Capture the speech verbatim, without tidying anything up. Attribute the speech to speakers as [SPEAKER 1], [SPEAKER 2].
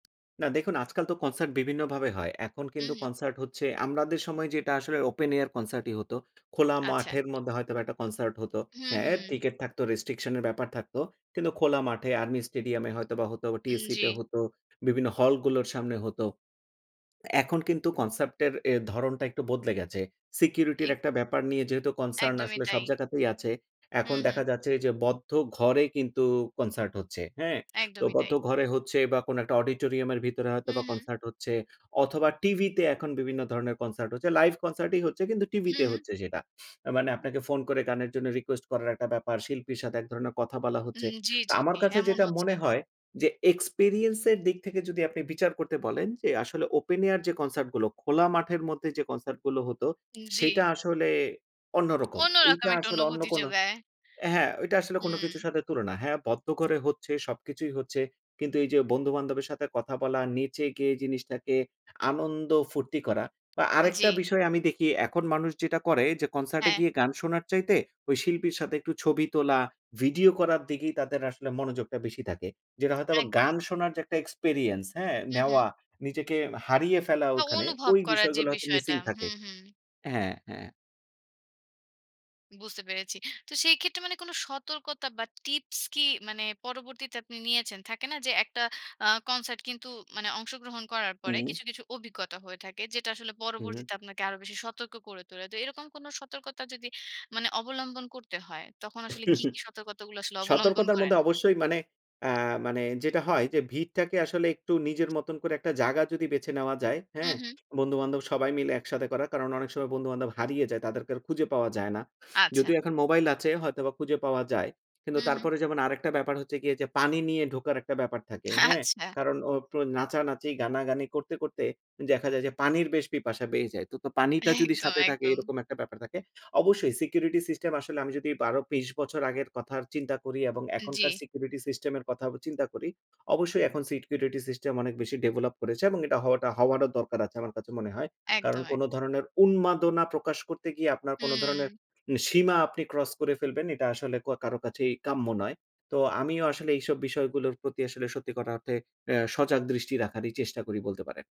[SPEAKER 1] না, দেখুন আজকাল তো কনসার্ট বিভিন্নভাবে হয়। এখন
[SPEAKER 2] হু,
[SPEAKER 1] কিন্তু
[SPEAKER 2] হু।
[SPEAKER 1] কনসার্ট হচ্ছে, আমরাদের সময় যেটা আসলে ওপেন এয়ার কনসার্টই হতো, খোলা
[SPEAKER 2] আচ্ছা।
[SPEAKER 1] মাঠের মধ্যে হয়তো বা একটা কনসার্ট হতো।
[SPEAKER 2] হু, হু।
[SPEAKER 1] হ্যাঁ, টিকেট থাকতো, রেস্ট্রিকশন এর ব্যাপার থাকতো। কিন্তু খোলা মাঠে, আর্মি স্টেডিয়াম এ হয়তোবা হতো,
[SPEAKER 2] উম,
[SPEAKER 1] টিএসসি তে
[SPEAKER 2] জি।
[SPEAKER 1] হতো, বিভিন্ন হল গুলোর সামনে হতো। এখন কিন্তু কনসেপ্ট এর এ ধরণটা একটু বদলে গেছে। সিকিউরিটির
[SPEAKER 2] এক
[SPEAKER 1] একটা ব্যাপার নিয়ে যেহেতু কনসার্ন
[SPEAKER 2] একদমই
[SPEAKER 1] আসলে
[SPEAKER 2] তাই।
[SPEAKER 1] সব জায়গাতেই আছে।
[SPEAKER 2] হু,
[SPEAKER 1] এখন
[SPEAKER 2] হু।
[SPEAKER 1] দেখা যাচ্ছে যে বদ্ধ ঘরে কিন্তু কনসার্ট হচ্ছে। হ্যাঁ? তো
[SPEAKER 2] একদমই
[SPEAKER 1] বদ্ধ
[SPEAKER 2] তাই।
[SPEAKER 1] ঘরে হচ্ছে বা কোনো একটা অডিটোরিয়াম এর ভিতরে হয়তো বা
[SPEAKER 2] হুম, হুম।
[SPEAKER 1] কনসার্ট হচ্ছে, অথবা টিভিতে এখন বিভিন্ন ধরণের কনসার্ট হচ্ছে। লাইভ কনসার্ট ই হচ্ছে কিন্তু
[SPEAKER 2] হু,
[SPEAKER 1] টিভিতে
[SPEAKER 2] হু।
[SPEAKER 1] হচ্ছে সেটা। মানে আপনাকে ফোন করে গানের জন্য রিকোয়েস্ট করার একটা ব্যাপার, শিল্পীর সাথে এক ধরনের কথা বলা হচ্ছে।
[SPEAKER 2] উম জি,
[SPEAKER 1] তো
[SPEAKER 2] জি,
[SPEAKER 1] আমার
[SPEAKER 2] জি,
[SPEAKER 1] কাছে
[SPEAKER 2] এমন
[SPEAKER 1] যেটা
[SPEAKER 2] হচ্ছে।
[SPEAKER 1] মনে হয় যে, এক্সপেরিয়েন্স এর দিক থেকে যদি আপনি বিচার করতে বলেন যে আসলে ওপেন এয়ার যে কনসার্ট গুলো, খোলা মাঠের মধ্যে যে কনসার্ট গুলো হতো,
[SPEAKER 2] উ
[SPEAKER 1] সেইটা
[SPEAKER 2] জি।
[SPEAKER 1] আসলে অন্যরকম।
[SPEAKER 2] অন্যরকম
[SPEAKER 1] এইটা
[SPEAKER 2] একটা
[SPEAKER 1] আসলে অন্য
[SPEAKER 2] অনুভূতি
[SPEAKER 1] কোনো
[SPEAKER 2] জোগায়।
[SPEAKER 1] হ্যাঁ, ওইটা আসলে কোনো কিছুর
[SPEAKER 2] হুম।
[SPEAKER 1] সাথে তুলনা হ্যাঁ, বদ্ধ করে হচ্ছে, সবকিছুই হচ্ছে। কিন্তু এই যে বন্ধু বান্ধবের সাথে কথা বলা, নেচে-গেয়ে জিনিসটাকে আনন্দ-ফুর্তি করা। বা
[SPEAKER 2] জি।
[SPEAKER 1] আরেকটা বিষয় আমি দেখি এখন মানুষ যেটা করে যে, কনসার্ট এ
[SPEAKER 2] হ্যাঁ।
[SPEAKER 1] গিয়ে গান শোনার চাইতে ওই শিল্পীর সাথে একটু ছবি তোলা, ভিডিও করার দিকেই তাদের আসলে মনোযোগটা বেশি থাকে। যেটা হয়তো
[SPEAKER 2] একদম।
[SPEAKER 1] গান শোনার যে একটা এক্সপেরিয়েন্স, হ্যাঁ?
[SPEAKER 2] হু, হু।
[SPEAKER 1] নেওয়া, নিজেকে হারিয়ে ফেলা ওখানে
[SPEAKER 2] অনুভব
[SPEAKER 1] ওই
[SPEAKER 2] করার যে
[SPEAKER 1] বিষয়গুলো হয়তো
[SPEAKER 2] বিষয়টা,
[SPEAKER 1] মিসিং
[SPEAKER 2] হু,
[SPEAKER 1] থাকে।
[SPEAKER 2] হু।
[SPEAKER 1] হ্যাঁ, হ্যাঁ।
[SPEAKER 2] বুঝতে পেরেছি। তো সেই ক্ষেত্রে মানে কোনো সতর্কতা বা টিপস কি মানে পরবর্তীতে আপনি নিয়েছেন? থাকে না যে একটা আ কনসার্ট কিন্তু মানে অংশগ্রহণ করার পরে
[SPEAKER 1] হুম।
[SPEAKER 2] কিছু, কিছু অভিজ্ঞতা হয়ে থাকে। যেটা আসলে
[SPEAKER 1] হু।
[SPEAKER 2] পরবর্তীতে আপনাকে আরও বেশি সতর্ক করে তোলে। তো এরকম কোনো সতর্কতা যদি মানে অবলম্বন করতে হয়, তখন আসলে কী, কী সতর্কতাগুলো আসলে অবলম্বন
[SPEAKER 1] সতর্কতার
[SPEAKER 2] করেন?
[SPEAKER 1] মধ্যে অবশ্যই মানে, আ মানে যেটা হয় যে, ভিড়টাকে আসলে একটু নিজের মতন করে একটা জাগা যদি বেছে নেওয়া যায়,
[SPEAKER 2] হু,
[SPEAKER 1] হ্যাঁ?
[SPEAKER 2] হু।
[SPEAKER 1] বন্ধু-বান্ধব সবাই মিলে একসাথে করা, কারণ অনেক সময় বন্ধু-বান্ধব হারিয়ে যায় তাদেরকে আর খুঁজে পাওয়া যায় না।
[SPEAKER 2] আচ্ছা।
[SPEAKER 1] যদিও এখন মোবাইল আছে হয়তোবা খুঁজে পাওয়া যায়। কিন্তু
[SPEAKER 2] হুম, হুম।
[SPEAKER 1] তারপরে যেমন আরেকটা ব্যাপার হচ্ছে গিয়ে যে পানি নিয়ে ঢোকার একটা ব্যাপার থাকে। হ্যাঁ?
[SPEAKER 2] আচ্ছা।
[SPEAKER 1] কারণ ও প্রো নাচানাচি গানাগানি করতে করতে দেখা যায় যে পানির বেশ পিপাসা বেয়ে যায়। তো পানিটা যদি
[SPEAKER 2] একদম,
[SPEAKER 1] সাথে থাকে,
[SPEAKER 2] একদম।
[SPEAKER 1] এরকম একটা ব্যাপার থাকে। অবশ্যই সিকিউরিটি সিস্টেম আসলে আমি যদি বারো তেইশ বছর আগের কথা চিন্তা করি, এবং
[SPEAKER 2] জি।
[SPEAKER 1] এখনকার সিকিউরিটি সিস্টেম এর কথা চিন্তা করি, অবশ্যই এখন সিকিউরিটি সিস্টেম অনেক বেশি ডেভেলপ করেছে এবং এটা হওয়াটা হওয়াটা দরকার আছে আমার কাছে মনে হয়। কারণ
[SPEAKER 2] একদম,
[SPEAKER 1] কোনো
[SPEAKER 2] একদম।
[SPEAKER 1] ধরনের উন্মাদনা প্রকাশ করতে গিয়ে আপনার কোনো ধরণের
[SPEAKER 2] হুম।
[SPEAKER 1] সীমা আপনি ক্রস করে ফেলবেন। এটা আসলে ক কারো কাছেই কাম্য নয়। তো আমিও আসলে এইসব বিষয়গুলোর প্রতি আসলে সত্যি কথা অর্থে এ সজাগ দৃষ্টি রাখারই চেষ্টা করি বলতে পারেন।